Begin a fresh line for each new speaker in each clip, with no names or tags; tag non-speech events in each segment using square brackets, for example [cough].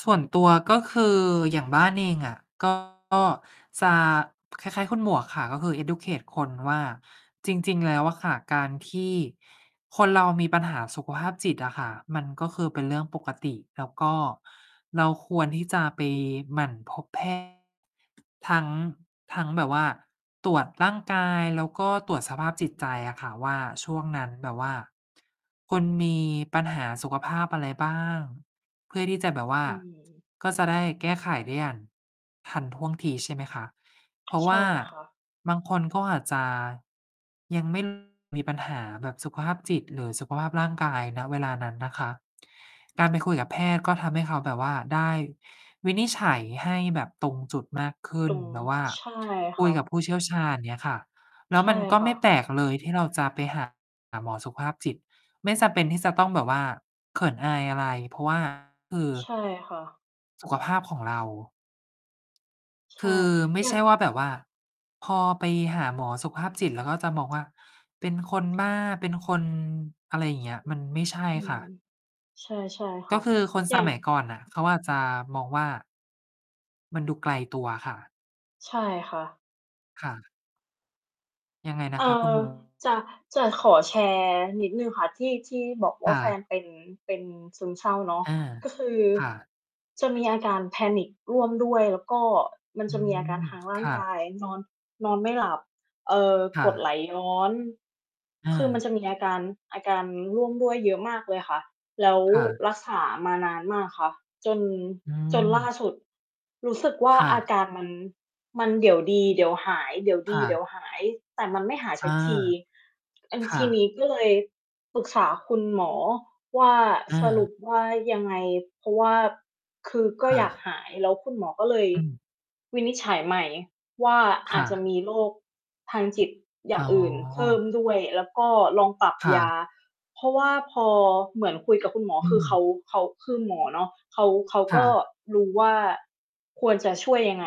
ส่วนตัว ก็คืออย่างบ้านเองอะ ก็ จะคล้าย ๆ คุณหมวกค่ะ ก็คือ educate คน ว่าจริง ๆ แล้วอะค่ะ การที่คนเรามีปัญหาสุขภาพจิตอะค่ะ มันก็คือเป็นเรื่องปกติ แล้วก็เราควรที่จะไปหมั่นพบ แพทย์ ทั้ง ทั้งแบบว่าตรวจร่างกาย แล้วก็ตรวจสภาพจิตใจอะค่ะ ว่าช่วงนั้นแบบว่า คุณมีปัญหาสุขภาพอะไรบ้าง เพื่อที่จะแบบว่า
อืม
ก็จะได้แก้ไขได้อย่างทันท่วงที ใช่ไหมคะ เพราะ
ใ
ว
ช่
่า
ค่ะ
บางคนก็อาจจะยัง ไม่ มีปัญหาแบบสุขภาพจิต หรือสุขภาพร่างกาย ณ เวลานั้นนะคะ การไปคุยกับแพทย์ ก็ทำให้เขาแบบว่าได้วินิจฉัยให้แบบตรงจุดมากขึ้
ต
น
ุม
แบบว่า
ใช่
ค
ค
ุ
่
ยก
ะ
ับผู้เชี่ยวชาญเนี่ยค่ะ แล้
ใ
ว
ช
ม
่
ันก็
ค
ไม
่
่แป
ะ
ลกเลยที่เราจะไป หา หมอสุภาพจิต ไม่จำเป็นที่จะต้องแบบว่าเขินอายอะไร เพราะ ว่า คือ
ใช่ค่ะ
สุขภาพของเรา
ใ
ค
ช
ื
่
อไม่
อย
ใ
่
ช
า
่
ง
ว่าแบบว่าพอไปหาหมอสุขภาพจิต แล้วก็จะมองว่าเป็นคนบ้าเป็นคน อะไรอย่างเงี้ย มันไม่ใช่
อื
ค่
ม
ะ
ใช่ ๆ ค
ก
่
็
ะ
คือคน
อย
ส
่าง
มัย ก่อนน่ะเขาอาจจะมองว่า มันดูไกลตัวค่ะ
ใช่ค่ะ
ค่ะ ยังไงนะ
เอ
ค
่
ะคุณ
อ
มัว?
จะ จะขอแชร์นิดหนึ่งค่ะ ที่ ที่บอกว
ค
่า
่
แฟน
ะ
เป็น เป็นซึมเศร้าเนาะ
อา
ก็คือ
ค่ะ
จะมีอาการ panic ร่วมด้วย แล้วก็มัน
อื
จะมีอาการ
ม
ทางร
ค
่าง
่
ก
ะ
ายนอน นอนไม่หลับ เอ่อ
ค่
กดไหล
ะ
ย้อน
อ
คือมัน
า
จะมีอาการ อาการร่วมด้วยเยอะมากเลยค่ะ แล้ว
ค่ะ
รักษามานานมากค่ะ จน
อื
จนล่า
ม
สุดรู้สึกว่า
ค่
อา
ะ
การมัน มันเดี๋ยวดีเดี๋ยวหาย เดี๋ยว
ค
ดี
่
เดี๋
ะ
ยวหาย แต่มันไม่หาย
อ
สั
า
กที อัน
ค
ท
่
ีนี
ะ
้ก็เลยปรึกษาคุณหมอว่า
อ
"สรุ
า
ปว่ายังไง" เพราะว่า คือก็
ค่
อยาก
ะ
หายแล้วคุณหมอก็เลย
อืม
วินิจฉัยใหม่ว่า
ค
อา
่
จจะม
ะ
ีโรคทางจิตอย่
อ๋
างอื่นเพิ่
อ
มด้วย แล้วก็ลองปรับ
ค่
ยา
ะ
เพราะว่าพอเหมือนคุยกับคุณหมอ
อื
คือเขา
ม
เขา คือหมอเนาะ เขา เขา
ค
ก
่
็
ะ
รู้ว่าควรจะช่วยยังไง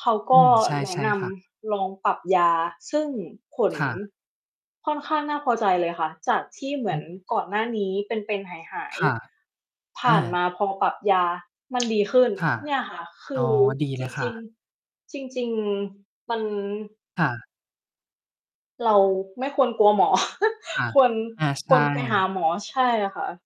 เขาก
อื
็
ม ใช
แนะ
่
น
ๆ ค่ะ
ำลองปรับยาซึ่งผล
ค่ะ
ค่อนข้างน่าพอใจเลยค่ะ จากที่เหม
อ
ื
ื
อน
ม
ก่อนหน้านี้เป็น ๆ หา
ค
ย
่ะ
ๆ ผ
อ
่านม
า
าพอปรับยามัน ดีขึ้น
ค่ะ
เนี่ยค่ะ ค
อ
ื
๋อ
อ
ดีเ
จ
ลยค่
ริง
ะ
ๆ จริง ๆ มัน
ค่ะ
เราไม่ควรกลัวหมอ
ค่ะ
[laughs] ควร
อา ใ
ค
ช
วรไปหา
่
หมอ ใช่ค่ะ